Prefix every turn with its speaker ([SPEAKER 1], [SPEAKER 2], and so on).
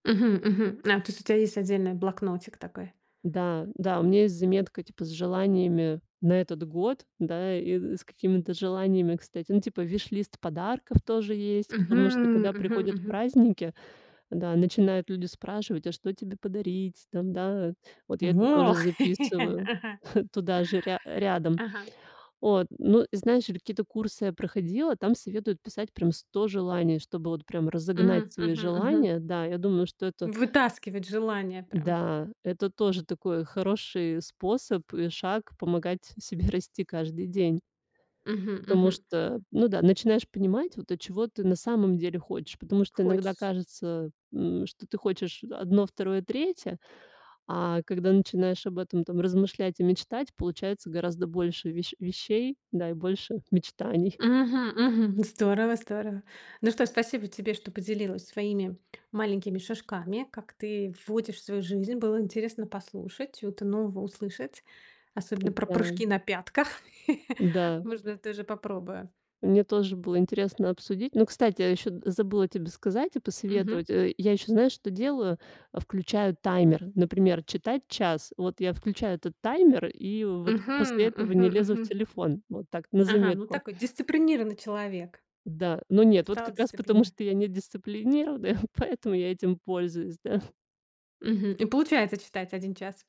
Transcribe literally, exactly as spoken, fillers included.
[SPEAKER 1] Мгм. Мгм. А то есть у тебя есть отдельный блокнотик такой.
[SPEAKER 2] Да, да, у меня есть заметка типа с желаниями на этот год. Да, и с какими-то желаниями, кстати, ну типа вишлист подарков тоже есть, потому что
[SPEAKER 1] Мгм,
[SPEAKER 2] когда
[SPEAKER 1] мгм,
[SPEAKER 2] приходят
[SPEAKER 1] мгм.
[SPEAKER 2] праздники, да, начинают люди спрашивать: а что тебе подарить? Там да. Вот я это тоже
[SPEAKER 1] Во,
[SPEAKER 2] записываю
[SPEAKER 1] ага.
[SPEAKER 2] туда же ря рядом.
[SPEAKER 1] Ага.
[SPEAKER 2] От ну и знаешь, я какие-то курсы я проходила, там советуют писать прям сто желаний, чтобы вот прям разогнать
[SPEAKER 1] Мгм,
[SPEAKER 2] свои
[SPEAKER 1] мгм, мгм.
[SPEAKER 2] желания. Да, я думаю, что это
[SPEAKER 1] Вытаскивать желание прям.
[SPEAKER 2] Да это тоже такой хороший способ и шаг помогать себе расти каждый день.
[SPEAKER 1] Мгм.
[SPEAKER 2] Потому
[SPEAKER 1] Мгм.
[SPEAKER 2] что, ну да, начинаешь понимать, вот, а чего ты на самом деле хочешь. Потому что иногда
[SPEAKER 1] Хочешь.
[SPEAKER 2] кажется, э, м, что ты хочешь одно, второе, третье, а когда начинаешь об этом там размышлять и мечтать, получается гораздо больше ве вещей, да, и больше мечтаний.
[SPEAKER 1] Мгм, мгм. Здорово, здорово. Ну что, спасибо тебе, что поделилась своими маленькими шажками, как ты вводишь в свою жизнь. Было интересно послушать, что-то нового услышать, особенно про
[SPEAKER 2] Да.
[SPEAKER 1] прыжки на пятках.
[SPEAKER 2] Да.
[SPEAKER 1] Можно тоже попробую.
[SPEAKER 2] Мне тоже было интересно обсудить. Ну, кстати, я ещё забыла тебе сказать и
[SPEAKER 1] Мгм.
[SPEAKER 2] посоветовать, э. Я ещё, знаешь, что делаю? А, включаю таймер, например, читать час. Вот я включаю этот таймер и вот после
[SPEAKER 1] Мгм,
[SPEAKER 2] этого
[SPEAKER 1] мгм,
[SPEAKER 2] не лезу в
[SPEAKER 1] мгм.
[SPEAKER 2] телефон. Вот так на
[SPEAKER 1] Ага, ну
[SPEAKER 2] заметку.
[SPEAKER 1] такой дисциплинированный человек.
[SPEAKER 2] Да, но
[SPEAKER 1] Ты
[SPEAKER 2] нет, вот
[SPEAKER 1] стала
[SPEAKER 2] как раз потому
[SPEAKER 1] дисциплине
[SPEAKER 2] что я недисциплинированная, поэтому я этим пользуюсь, да.
[SPEAKER 1] Мгм. И получается читать один час?